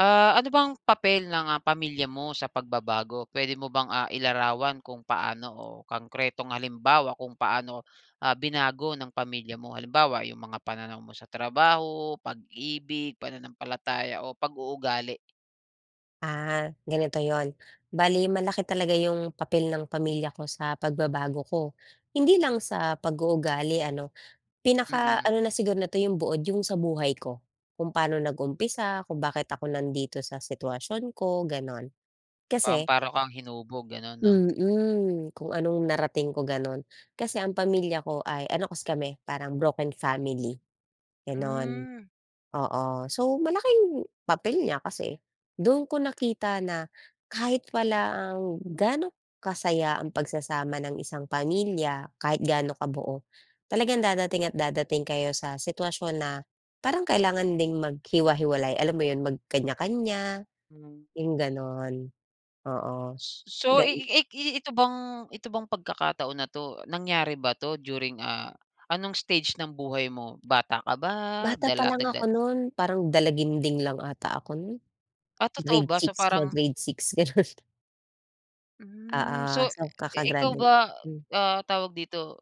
Ah, ano bang papel ng ah, pamilya mo sa pagbabago? Pwede mo bang, ah, ilarawan kung paano o konkretong halimbawa kung paano, ah, binago ng pamilya mo, halimbawa yung mga pananaw mo sa trabaho, pag-ibig, pananampalataya o pag-uugali? Ah, ganito 'yon, bale malaki talaga yung papel ng pamilya ko sa pagbabago ko. Hindi lang sa pag-uugali ano, Mm. pinaka-ano na siguro nito yong buod yung sa buhay ko, kung paano nag-umpisa, kung bakit ako nandito sa sitwasyon ko gano'n, Pam kasi paano kang hinubog gano'n 'no? Mm, kung anong narating ko gano'n. Kasi ang pamilya ko ay ano kasi kami parang broken family, gano'n. Hmm. Oo, so malaking papel niya kasi do'n ko nakita na kahit walang, gaano kasaya ang pagsasama ng isang pamilya, kahit gaano kabuo, talagang dadating at dadating kayo sa sitwasyon na parang kailangan ding maghiwa-hiwalay alam mo 'yon, magkanya-kanya, 'yong gano'n. Oo, Ss so gan ik ik ii ito bang, ito bang pagkakataon na 'to nangyari ba to during ah, anong stage ng buhay mo, bata ka ba, Bata pa dala lang ako nagdada no'n parang dalaginding lang ata ako no'n. Ah, totoo Grade ba? So, 6 na, parang grade 6, gano'n. Hmm, Oo, so, so eh, ikaw kaka-graduate. ba Um. ah, tawag dito,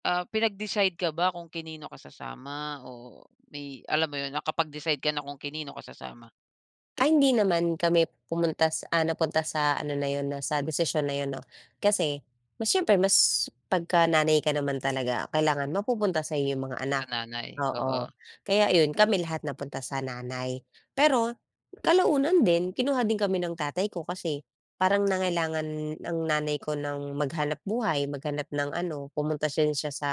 ah pinag-decide ka ba kung kanino ka sasama? O, may alam mo yun, nakapag-decide ka na kung kanino ka sasama? Ay, hindi naman kami pumunta sa ah, napunta sa ano na 'yon na sa desisyon na yun, 'no? Kasi, mas siyempre mas 'pagka nanay ka naman talaga, kailangan mapupunta sa'yo yung mga Sa anak. nanay, Oo, oo. kaya ayun, kami lahat napunta sa nanay. Pero, kalaunan din kinuha din kami ng tatay ko. Kasi, parang nangailangan ang nanay ko ng maghanapbuhay, maghanap ng ano pumunta din siya sa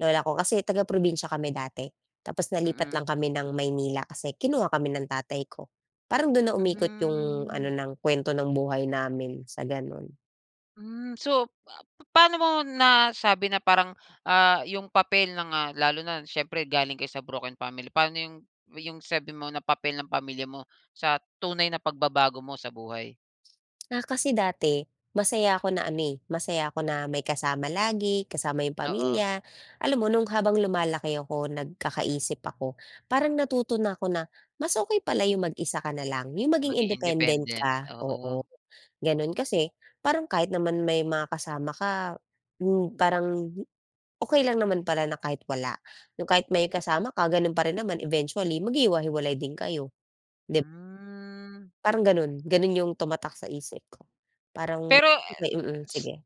lola ko. Kasi taga-probinsiya kami dati, tapos nalipat Mm. lang kami ng Maynila. Kasi kinuha kami ng tatay ko. Parang, do'n na umikot yung ano, Mhm. ng kuwento ng buhay namin, sa gano'n. Hmm. So, pa paano mo nasabi na parang, ah, yung papel ng, ah lalo na siyempre galing kayo sa broken family? Pano yung yung sabi mo na papel ng pamilya mo sa tunay na pagbabago mo sa buhay? Ah, kasi dati masaya ako na ami masaya ako na may kasama lagi kasama yung Oo. pamilya. Alam mo, noong habang lumalaki ako, nagkakaisip ako, parang natuto na ako na mas okey pala yung mag-isa ka na lang, yung maging Maging independent independent, ka, oo. oo. Gano'n, kasi parang kahit naman may mga kasama ka, hmm, parang hindi okey lang naman pala na kahit wala. Yung kahit may kasama ka, gano'n pa rin naman. Eventually, maghiwahiwalay din kayo. Dib Hmm. Parang gano'n, gano'n yung tumatak sa isip ko. Parang Pero et okey, mm, s sige.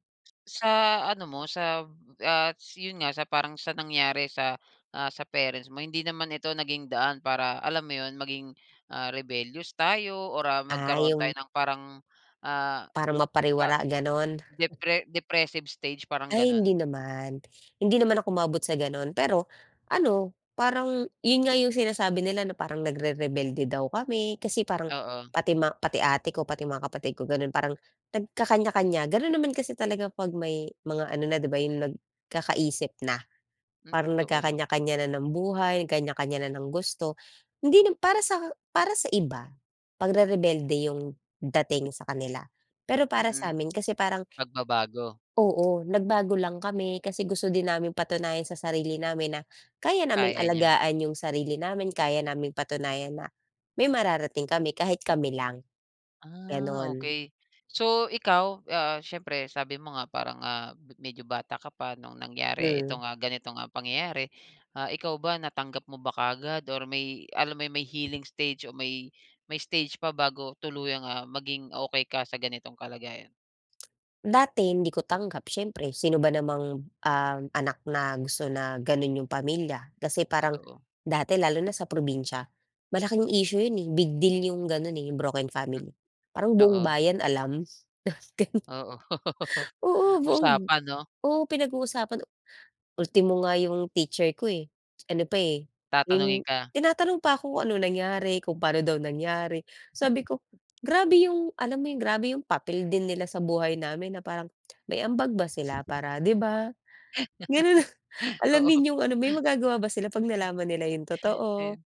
sa ano mo, sab ats yun nga, sa parang, sa nangyari sa, ah, sa parents mo. Hindi naman ito naging daan para alam mo yun, maging, ah, rebellious tayo, or, ah, Ah, magkaroon tayo yung ng parang ah, Parang pa mapariwara ganun. depre depressive stage, parang Ay hindi ganun. naman, hindi naman ako umabot sa gano'n. Pero ano, parang yun nga yung sinasabi nila, na parang nagrerebelde daw kami. Kasi parang Oo. pati ma pati ate ko, pati yung mga kapatid ko, gano'n, parang nagkakanya-kanya. Gano'n naman kasi talaga, 'pag may mga ano na, 'di ba, yung nagkakaisip na. Um. Parang Totoo. nagkakaniya-kaniya na ng buhay, kaniya-kaniya na ng gusto. Hindi nam para sa para sa iba, pagrerebelde yung dating sa kanila. Pero para Mm, samin kasi, parang pagbabago. oo, nagbago lang kami, kasi gusto din naming patunayan sa sarili namin na, kaya naming Kaya nya. alagaan yung sarili namin. Kaya naming patunayan, na may mararating kami, kahit kami lang. Ah, Gano'n. okey, so ikaw, ah, siyempre, sabi mo nga, parang nga medyo bata ka pa no'ng nangyari Hmm. itong, ah, ganitong, ah, pangyayari. Ah, ikaw ba, natanggap mo ba kaagad? Or may alam mo yung, may healing stage, o may may stage pa bago tuluyang, ah, maging okey ka sa ganitong kalagayan? Dati hindi ko tanggap, siyempre. Sino ba namang, ah, anak na gusto na gano'n 'yong pamilya. Kasi parang, Totoo. dati lalo na sa probinsiya, malaking issue 'yon, eh. Big deal 'yong gano'n, eh, 'yong broken Mm. family. Parang buong Oo. bayan alam. Gano'n. Oo. Usapan 'no? Oo, buong Usapan 'no? oo, pinag-uusapan. Ultimo nga yung teacher ko, eh, ano pa, eh, Tatanungin yung ka? tinatanong pa kung ano nangyari, kung paano daw nangyari. Sabi ko, grabe yung alam mo yung grabe yung papel din nila sa buhay namin na parang, may ambag ba sila para, 'di ba? Ganun na, Oo. alamin yung ano, may magagawa ba sila 'pag nalaman nila yung totoo? Ayun,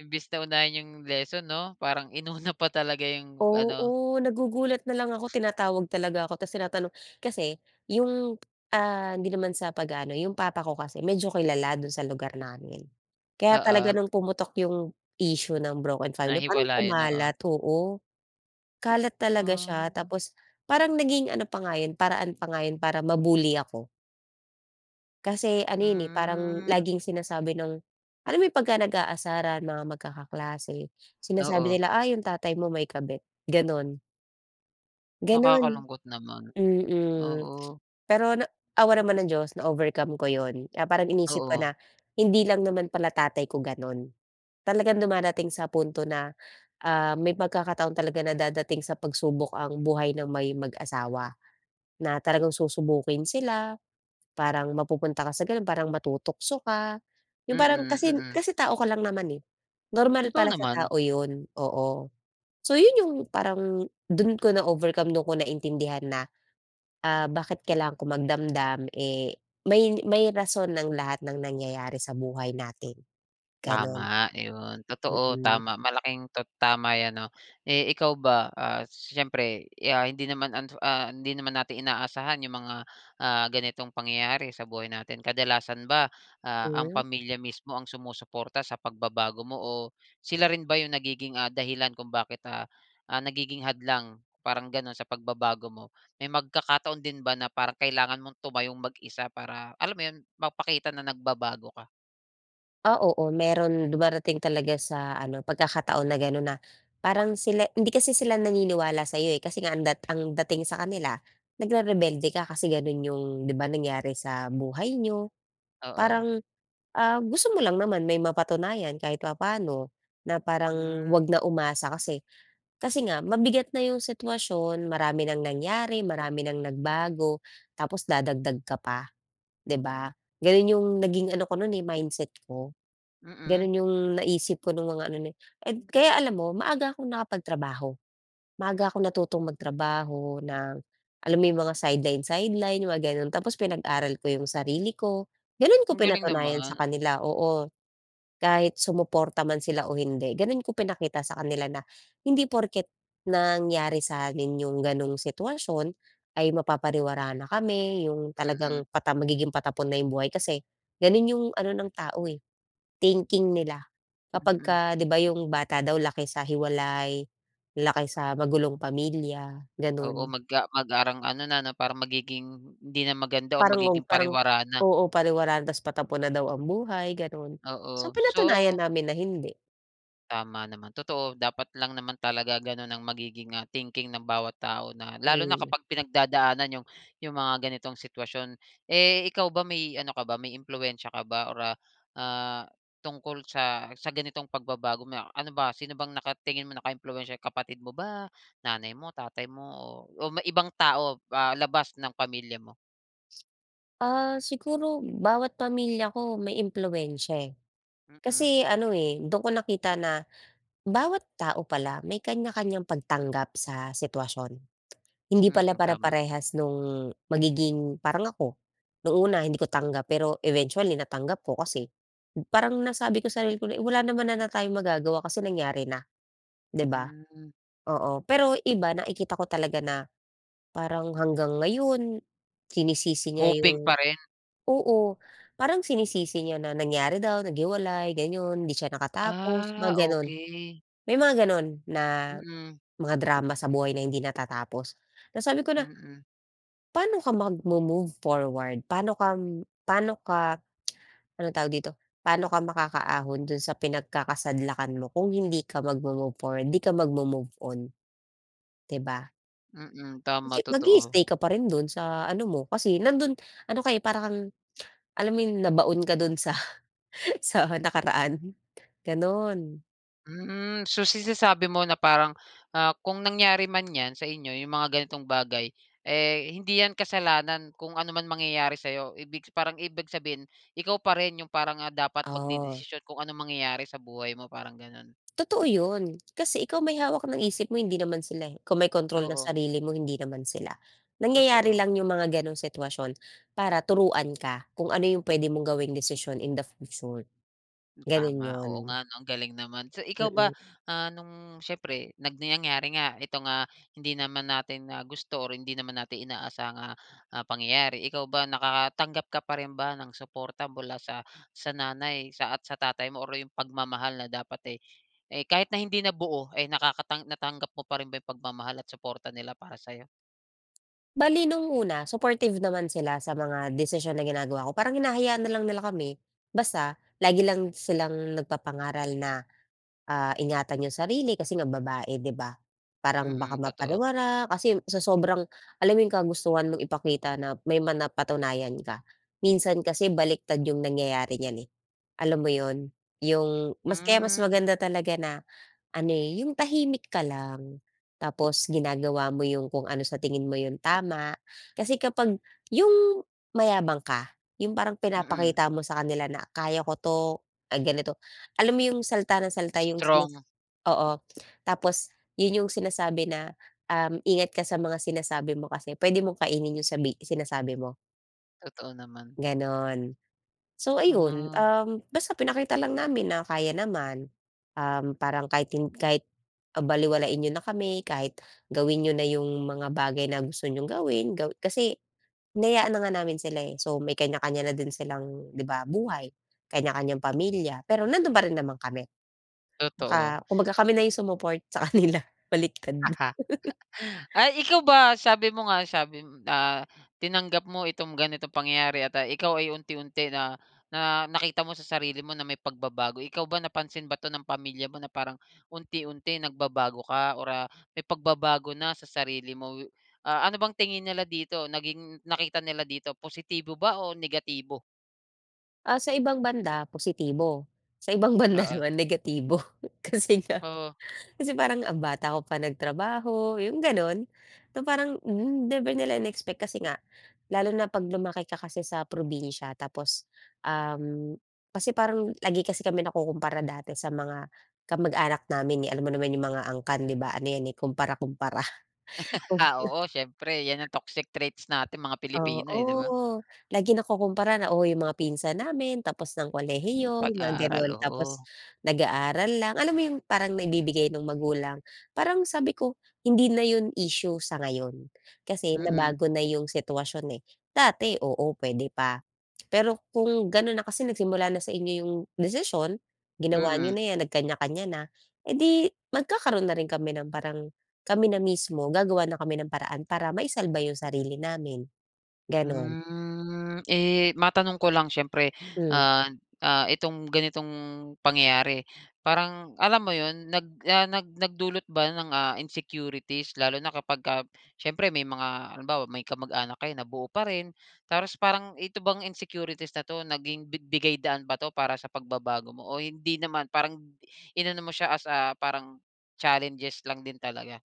imbes na unahin yung lesson 'no, parang inuna pa talaga 'yung ano. Oo. Nagugulat na lang ako. Tinatawag talaga ako tapos tinatanong. Kasi 'yong, ah, hindi naman sa pag-aano, 'yong papa ko kasi medyo kilala do'n sa lugar namin. Kaya talaga Oo. no'ng pumutok 'yong issue ng broken family Na parang hiwalayan. Oo. kumalat. Oo. Kalat talaga siya Ah. tapos parang naging ano pa nga 'yon paraan pa nga 'yon para ma-bully ako. Kasi, ano yun, eh, parang Hmm. laging sinasabi ng alam mo yun, 'pagka nag-aasaran mga magkakaklase sinasabi Oo. nila, "Ah, yung tatay mo may kabit." ganun. Gano'n, Nakakalungkot naman. mm. Oo. Pero na awa naman ng diyos na-overcome ko 'yon. Ah parang, iniisip ko Oo. na hindi lang naman pala tatay ko gano'n. Talagang dumadating sa punto na, ah, may pagkakataon talaga na dadating sa pagsubok ang buhay ng may mag-asawa, na talagang susubukin sila. Parang, mapupunta ka sa gano'n, parang matutukso ka. Yong parang Mm, kasi mm. kasi tao ka lang naman, eh. Normal Totoo pala sa naman. tao yun, oo. So, yun yung parang dun ko na-overcome. Dun ko naintindihan na, ah, bakit kailangan ko magdamdam? Eh, may may rason ang lahat ng nangyayari sa buhay natin ganon. Tama 'yon. Totoo. Mm. Tama malaking to tama 'yan, 'no. Eh, ikaw ba, ah, siyempre, eh, ah, hindi naman, ah, hindi naman natin inaasahan yung mga, ah, ganitong, pangyayari sa buhay natin. Kadalasan ba, ah, ang Hmm. pamilya mismo ang sumusuporta sa pagbabago mo? O sila rin ba yung nagiging, ah, dahilan kung bakit, ah, ah, nagiging hadlang, parang ganun, sa pagbabago mo? May pagkakataon din ba, na parang kailangan mong tumayong mag-isa, para alam mo 'yon, mapakita na nagbabago ka? Ah, oo meron. Dumarating talaga sa ano, pagkakataon na ganon, na parang sila hindi kasi sila naniniwala sa'yo, eh. Kasi nga ang dat ang dating sa kanila nagre-rebelde ka. Kasi, ganon yung 'di ba, nangyari sa buhay niyo. Oo. Parang, ah, gusto mo lang naman may mapatunayan kahit papaano. Na Hmm. parang, 'wag na umasa kasi, kasi nga mabigat na yung sitwasyon, marami nang nangyari, marami nang nagbago, tapos dadagdag ka pa, 'di ba? Ganon, yung naging ano ko no'n, eh, mindset ko. Mhm. Ganon, yung naisip ko nung mga ano nayu Kaya alam mo maaga akong nakapagtrabaho. Maaga akong natutong magtrabaho ng alam mo yung mga sideline-sideline, yung mga ganon. Tapos, pinag-aral ko yung sarili ko. Ganon ko Ang galing pinatunayan sa naman! kanila! Oo, kahit sumuporta man sila o hindi. Ganon ko pinakita sa kanila na, hindi porket nangyari sa amin yung ganong sitwasyon ay mapapariwara na kami. Yung Mhm. talagang pata magiging patapon na yung buhay. Kasi, ganun yung ano ng tao, eh, thinking nila, Mhm. 'kapagka 'di ba, yung bata daw laki sa hiwalay, laki sa magulong pamilya, Oo, ganun. mag ah, mag parang ano na parang magiging hindi na maganda, or Parang, magiging o parang pariwara na. oo, pariwara na. Tas patapon na daw ang buhay, ganun. So, Oo, pinatunayan so namin na hindi. Tama naman. Totoo dapat lang naman talaga ganun ang magiging, ah, thinking ng bawat tao na lalo na Mm. kapag pinagdadaanan 'yong 'yong mga ganitong sitwasyon. Eh, ikaw ba may ano ka ba, may impluwensiya ka ba or ah, ah, tungkol sa sa ganitong pagbabago? May a ano ba, sino bang nakatingin mo naka-impluwensiya, kapatid mo ba, nanay mo, tatay mo, o o may ibang tao, ah, labas ng pamilya mo? Ah, siguro bawat pamilya ko may impluwensiya eh, Mm. kasi ano eh, do'n ko nakita na bawat tao pala may kaniya-kaniyang pagtanggap sa sitwasyon. Hindi Mm, pala tama. pare-parehas no'ng magiging parang ako, no'ng una hindi ko tanggap pero eventually natanggap ko kasi, parang nasabi ko sa sarili ko na, “Wala naman na na tayong magagawa kasi nangyari na.” ‘Di ba? Mm. Oo. Pero iba, nakikita ko talaga na parang hanggang ngayon, sinisisi niya Hoping ‘yung pa rin. oo, parang sinisisi niya na nangyari daw, naghiwalay, gano’n. Hindi siya nakatapos, Ah, mga gano’n. okey. May mga ganun na Mm. mga drama sa buhay na hindi natatapos. Ta’s sabi ko na, Mm. "Pa'no ka mag-mo-move forward, pa'no ka pa'no ka" anong tawag dito, "Pa'no ka makaka-ahon do’n sa pinagkakasadlakan mo kung hindi ka mag-mo-move forward, ‘di ka mag-mo-move on? ‘Di ba? Mm, Kasi tama, totoo. mag-i-stay ka pa rin do'n sa ano mo, kasi nando'n ano ka eh, parang kang, alam mo yon nabaon ka do'n sa sa nakaraan, gano'n. Hmm. So, sinasabi mo na parang, ah, kung nangyari man 'yan sa inyo 'yong mga ganitong bagay, eh, hindi 'yan kasalanan kung ano man mangyayari sa 'yo. Ibig parang ibig sabihin, ikaw pa rin 'yong parang, ah, dapat Oh. magdedesisyon kung anong mangyayari sa buhay mo, parang gano'n? Totoo 'yon. Kasi ikaw may hawak ng isip mo, hindi naman sila, eh. Ikaw may kontrol ng Oo. sarili mo, hindi naman sila. Nangyayari Totoo. lang 'yong mga gano'ng sitwasyon, para turuan ka kung ano 'yong puwede mong gawing desisyon in the future. Hmm. Gano'n Tama, oo 'yon. nga, 'no? Ang galing naman. So, ikaw ba, Mm. ah, nung siyempre, nag nangyari nga itong, ah, hindi naman natin na gusto or hindi naman natin inaasahang, ah ah pangyayari. Ikaw ba nakakatanggap ka pa rin ba ng suporta mula sa sa nanay sa at sa tatay mo, or 'yong pagmamahal na dapat, eh eh kahit na hindi na buo ay nakakatang natanggap mo pa rin ba yung pagmamahal at suporta nila para sa'yo? Bale no'ng una, supportive naman sila sa mga desisyon na ginagawa ko. Parang hinahayaan na lang nila kami basta lagi lang silang nagpapangaral na, ah, ingatan 'yong sarili kasi nga babae, 'di ba? Parang baka Mm, totoo. mapariwara kasi sa sobrang alam mo 'yong kagustuhan mong ipakita na may ma napatunayan ka? Minsan kasi baliktad 'yong nangyayari niyan, eh. Alam mo 'yon? 'Yong mas kaya mas Hmm. maganda talaga na ano, eh, 'yong tahimik ka lang. Tapos ginagawa mo 'yong kung ano sa tingin mo 'yong tama. Kasi kapag 'yong mayabang ka, 'yong parang Mm. pinapakita mo sa kanila na, "Kaya ko 'to. Ay, ganito." Alam mo 'yong salita nang salita 'yong sinisis Strong. oo. Tapos 'yon 'yong sinasabi na, uhm, ingat ka sa mga sinasabi mo kasi puwede mong kainin 'yong sabi sinasabi mo. Totoo naman. Gano'n. So, Hmm, ayun, oh. uhm ,basta pinakita lang namin na kaya naman. Uhm, parang kahit hin kahit, ah, balewalain n'yo na kami. Kahit gawin n'yo na 'yong mga bagay na gusto niyong gawin. Gawi kasi hinayaan na nga namin sila, eh. So, may kanya-kanya na din silang, 'di ba, buhay. Kanya-kanyang pamilya pero nandoon pa rin naman kami. Totoo. Ka kumbaga kami na yung sumupport sa kanila. Baliktad na Ay, ikaw ba? Sabi mo nga sabi mo ah, tinanggap mo itong ganitong pangyayari at, ah, ikaw ay unti-unti na na nakita mo sa sarili mo na may pagbabago. Ikaw ba napansin ba 'to ng pamilya mo na parang unti-unti nagbabago ka or, ah, may pagbabago na sa sarili mo we ah, ano bang tingin nila dito? Naging nakita nila dito? Positibo ba o negatibo? Ah, sa ibang banda, positibo. Sa ibang banda Oo. naman, negatibo. Kasi nga, Oh. kasi parang ang bata mo pa nagtrabaho, yung ganon. Na parang, hmm, never nila in-expect. Kasi nga lalo na, 'pag lumaki ka kasi sa probinsiya, tapos, um, kasi parang, lagi kasi kami nakukumpara dati sa mga kamag-anak namin, eh. Alam mo naman yung mga angkan, 'di ba? Ano 'yan, eh, kumpara-kumpara. Kum Ah, oo, siyempre yan ang toxic traits nating mga Pilipino, eh, 'di ba? Oo, lagi nakukumpara na, "Oh, yung mga pinsan namin tapos ng kolehiyo," yung mga Pag-aaral, gano'n. "Tapos, oo. nag-aaral lang." Alam mo yung parang, naibibigay ng magulang Parang sabi ko, "Hindi na yun issue sa ngayon. Kasi Mm. nabago na yung sitwasyon, eh. Dati, oo puwede pa. Pero, kung gano'n na kasi nagsimula na sa inyo yung desisyon. Ginawa Mm. niyo na 'yan. Nagkaniya-kaniya na. Eh, di, magkakaroon na rin kami ng parang Kami na mismo, gagawa na kami ng paraan, para maisalba yung sarili namin." Ganun. Hmm. Eh, matanong ko lang siyempre, Hmm. ah, ah, itong ganitong pangyayari, parang alam mo yun nag ah, nag nagdulot ba ng, ah, insecurities lalo na kapagka siyempre, may mga halimbawa, may kamag-anak kayo na buo pa rin? Tapos, parang ito bang insecurities na 'to, naging 'bibigay daan ba 'to, para sa pagbabago mo, o hindi naman parang in ano mo siya as, ah, parang challenges lang din talaga?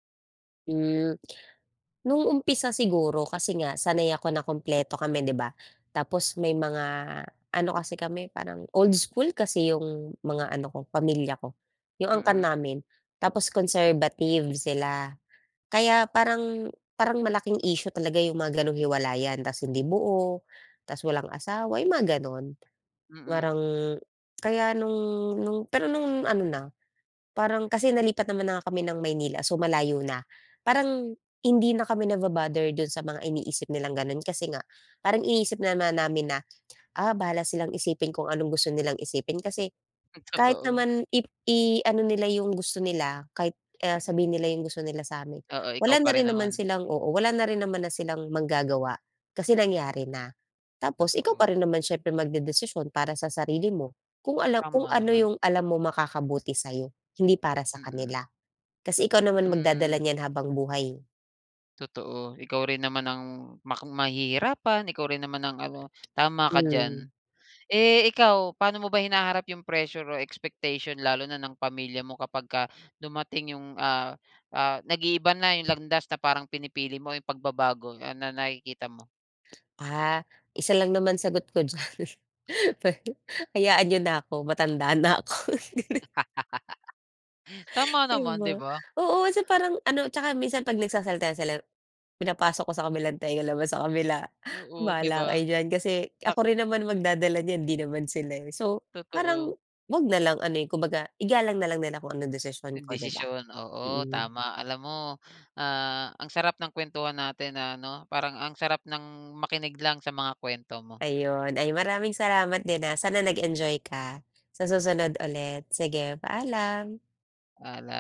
Hmm, no'ng umpisa siguro kasi nga sanay ako na kumpleto kami 'di ba, tapos may mga ano kasi kami parang old school kasi 'yong mga ano ko pamilya ko, 'yong angkan Mm. namin tapos conservative sila kaya parang parang malaking issue talaga 'yong mga ganong hiwalayan, tapos hindi buo, tapos walang asawa, 'yong mga gano'n. Mm. Parang kaya no'ng no'ng pero no'ng ano na parang kasi nalipat naman na nga kami ng Maynila, so malayo na parang hindi na kami naba-bother do'n sa mga iniisip nilang gano'n. Kasi nga parang iniisip na namin na, ah, bahala silang isipin kung anong gusto nilang isipin kasi Hmm, kahit totoo. naman i iano nila 'yong gusto nila kahit, ah, sabihin nila 'yong gusto nila sa amin, Oo, ikaw wala na pa rin rin naman naman. silang oo wala na rin naman na silang magagawa kasi nangyari na. Tapos ikaw pa Totoo. rin naman siyempre magdedesisyon para sa sarili mo, kung alam kung Tama ano naman. yung alam mo makakabuti sayo, hindi para sa Mm. kanila. Kasi ikaw naman magdadala Hmm. niyan habang buhay, eh. Totoo ikaw rin naman ang mak mahihirapan, ikaw rin naman ang ano, tama ka diyan. Hmm. Eh, ikaw paano mo ba hinaharap 'yong pressure o expectation lalo na ng pamilya mo kapag ka dumating 'yong, ah, ah, nag-iiba na 'yong landas na parang pinipili mo 'yong pagbabago, ano nakikita mo? Ah, isa lang naman sagot ko diyan, pe hayaan nyo na ako matanda na ako. Tama Di naman di ba? ba? Oo kasi parang ano tsaka minsan pag nagsasalita sila pinapasok ko sa kabilang tenga labas sa kabila, Oo 'di bahala ba? kayo diyan. Kasi Ah. ako rin naman magdadala niyan, di naman sila, eh, so parang Totoo. 'wag nalang ano, eh, kumbaga igalang nalang nila kung ano desisyon Yung ko di ba? desisyon, oo Mm. tama. Alam mo, ah, ang sarap ng kwentuhan natin na ano, parang ang sarap ng makinig lang sa mga kwento mo. Ayun, ay maraming salamat din, ah, sana nag-enjoy ka. Sa susunod ulit, sige paalam. Paalam.